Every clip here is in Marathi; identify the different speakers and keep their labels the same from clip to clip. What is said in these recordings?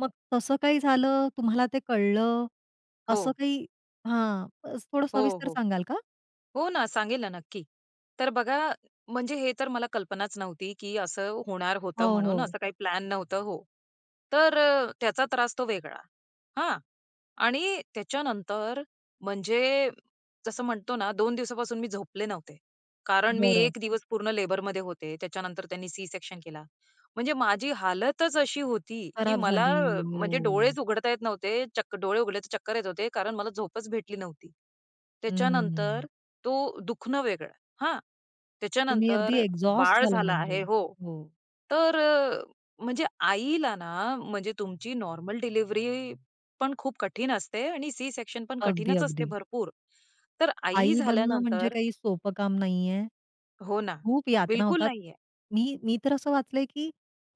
Speaker 1: मग तसं काही झालं? तुम्हाला ते कळलं? असं
Speaker 2: हो.
Speaker 1: काही हां, थोडं
Speaker 2: हो,
Speaker 1: सविस्तर
Speaker 2: हो,
Speaker 1: सांगाल का?
Speaker 2: हो ना, सांगेल ना नक्की. तर बघा, म्हणजे हे तर मला कल्पनाच नव्हती की असं होणार होतं
Speaker 1: हो,
Speaker 2: म्हणून
Speaker 1: हो.
Speaker 2: असं काही प्लॅन नव्हतं हो. तर अ, त्याचा त्रास तो वेगळा, हां? आणि त्याच्यानंतर म्हणजे जसं म्हणतो ना 2 दिवसापासून मी झोपले नव्हते. कारण मी
Speaker 1: बरं.
Speaker 2: 1 दिवस पूर्ण लेबरमध्ये होते, त्याच्या नंतर त्यांनी सी-सेक्शन केला. म्हणजे माझी हालतच अशी होती की
Speaker 1: खराब
Speaker 2: मला
Speaker 1: झाली.
Speaker 2: म्हणजे
Speaker 1: हो.
Speaker 2: डोळेच उघडता येत नव्हते. चक्क डोळे उघडले तर चक्कर येत होते कारण मला झोपच भेटली नव्हती. त्याच्यानंतर
Speaker 1: हम्म.
Speaker 2: तो दुखणं वेगळं, हां? त्याच्या
Speaker 1: तुम्ही अगदी
Speaker 2: नंतर
Speaker 1: एक्झॉस्ट
Speaker 2: बाळ
Speaker 1: झाला
Speaker 2: झाला
Speaker 1: म्हणजे,
Speaker 2: आहे हो.
Speaker 1: हो.
Speaker 2: तर म्हणजे आईला ना, म्हणजे तुमची नॉर्मल डिलिव्हरी पण खूप कठीण असते आणि सी-सेक्शन पण
Speaker 1: अगदी,
Speaker 2: कठीणच असते
Speaker 1: अगदी.
Speaker 2: भरपूर. तर आई
Speaker 1: आई बनणं म्हणजे
Speaker 2: झाल्यानंतर
Speaker 1: काही सोपं काम नाहीये.
Speaker 2: हो ना.
Speaker 1: खूप यातना
Speaker 2: बिलकुल
Speaker 1: होतात.
Speaker 2: नाही आहे
Speaker 1: मी मी तर असं वाचलंय की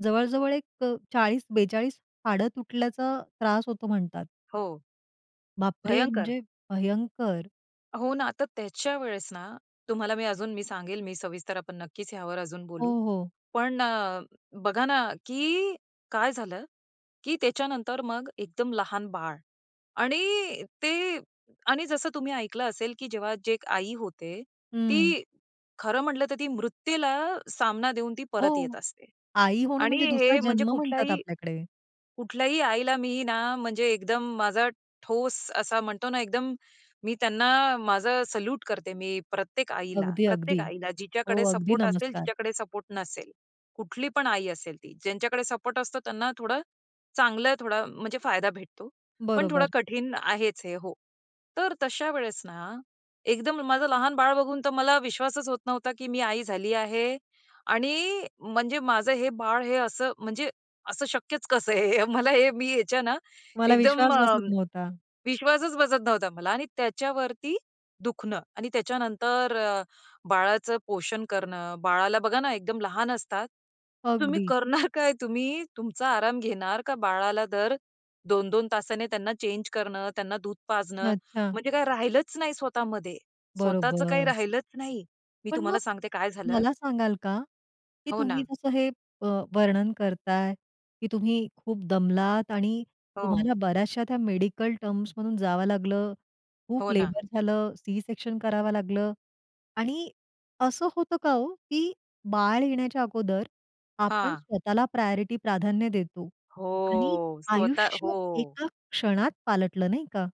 Speaker 1: जवळ-जवळ एक अ, 40-42 हाडं तुटल्याचा त्रास होतो म्हणतात.
Speaker 2: हो.
Speaker 1: बापरे!
Speaker 2: भयंकर.
Speaker 1: म्हणजे भयंकर.
Speaker 2: हो ना. तर त्याच्या वेळेस ना, तुम्हाला मी अजून मी सांगेल मी सविस्तर आपण नक्कीच ह्यावर अजून
Speaker 1: हो,
Speaker 2: बोलू.
Speaker 1: हो.
Speaker 2: पण अ, बघा ना, की काय झालं, की त्याच्या नंतर मग एकदम लहान बाळ आणि ते आणि जसं तुम्ही ऐकलं असेल की जेव्हा जी एक आई होते,
Speaker 1: हं.
Speaker 2: ती खरं म्हटलं तर ती मृत्यूला सामना देऊन ती परत येत
Speaker 1: हो,
Speaker 2: असते
Speaker 1: आई होणं
Speaker 2: आणि
Speaker 1: म्हणजे दुसरा
Speaker 2: हे म्हणजे
Speaker 1: जन्म म्हणतात
Speaker 2: कुठल्याही
Speaker 1: आपल्याकडे.
Speaker 2: कुठल्याही आईला मी ना म्हणजे एकदम माझा ठोस असा म्हणतो ना, एकदम मी त्यांना माझं सल्यूट करते मी प्रत्येक आईला.
Speaker 1: अगदी-अगदी.
Speaker 2: प्रत्येक आईला
Speaker 1: हो,
Speaker 2: जिच्याकडे
Speaker 1: अगदी
Speaker 2: सपोर्ट असेल,
Speaker 1: नमस्कार.
Speaker 2: जिच्याकडे सपोर्ट नसेल. कुठली पण आई असेल ती. ज्यांच्याकडे सपोर्ट असतो त्यांना थोडं, चांगलं थोडा म्हणजे फायदा भेटतो. पण थोडं
Speaker 1: बरोबर.
Speaker 2: कठीण आहेच हे हो. तर तशा वेळेस ना एकदम माझं लहान बाळ बघून तर मला विश्वासच होत नव्हता की मी आई झाली आहे आणि म्हणजे माझं हे बाळ, हे असं म्हणजे, असं शक्यच कसं आहे हे मला हे मी ह्याच्या ना
Speaker 1: तुम्हाला
Speaker 2: एकदम
Speaker 1: विश्वास
Speaker 2: अ,
Speaker 1: बसत नव्हता.
Speaker 2: विश्वासच बसत नव्हता मला आणि त्याच्यावरती दुखणं आणि त्याच्यानंतर अ, बाळाचं पोषण करणं. बाळाला बघा ना एकदम लहान असतात. तुम्ही
Speaker 1: अगदी.
Speaker 2: करणार काय? तुम्ही तुमचा आराम घेणार का बाळाला दर, 2-2 तासाने त्यांना चेंज करणं, त्यांना दूध पाजणं,
Speaker 1: अच्छा.
Speaker 2: म्हणजे काय राहिलंच नाही स्वतः मध्ये. स्वतःच काही
Speaker 1: बरोबर.
Speaker 2: राहिलंच नाही. मी
Speaker 1: पण मग
Speaker 2: तुम्हाला सांगते काय झालं
Speaker 1: मला सांगाल का, की
Speaker 2: हो
Speaker 1: तुम्ही
Speaker 2: ना.
Speaker 1: जसं हे अ, वर्णन करताय, की तुम्ही खूप दमलात आणि
Speaker 2: हो.
Speaker 1: तुम्हाला बऱ्याचश्या त्या मेडिकल टर्म्स मधून जावं लागलं, खूप
Speaker 2: हो ना.
Speaker 1: लेबर झालं, सी-सेक्शन करावं लागलं आणि असं होतं का हो की बाळ येण्याच्या अगोदर आपण
Speaker 2: हां.
Speaker 1: स्वतःला प्रायोरिटी प्राधान्य देतो आणि
Speaker 2: हो. स्वतः
Speaker 1: आयुष्य
Speaker 2: हो.
Speaker 1: एका क्षणात पालटलं, नाही का?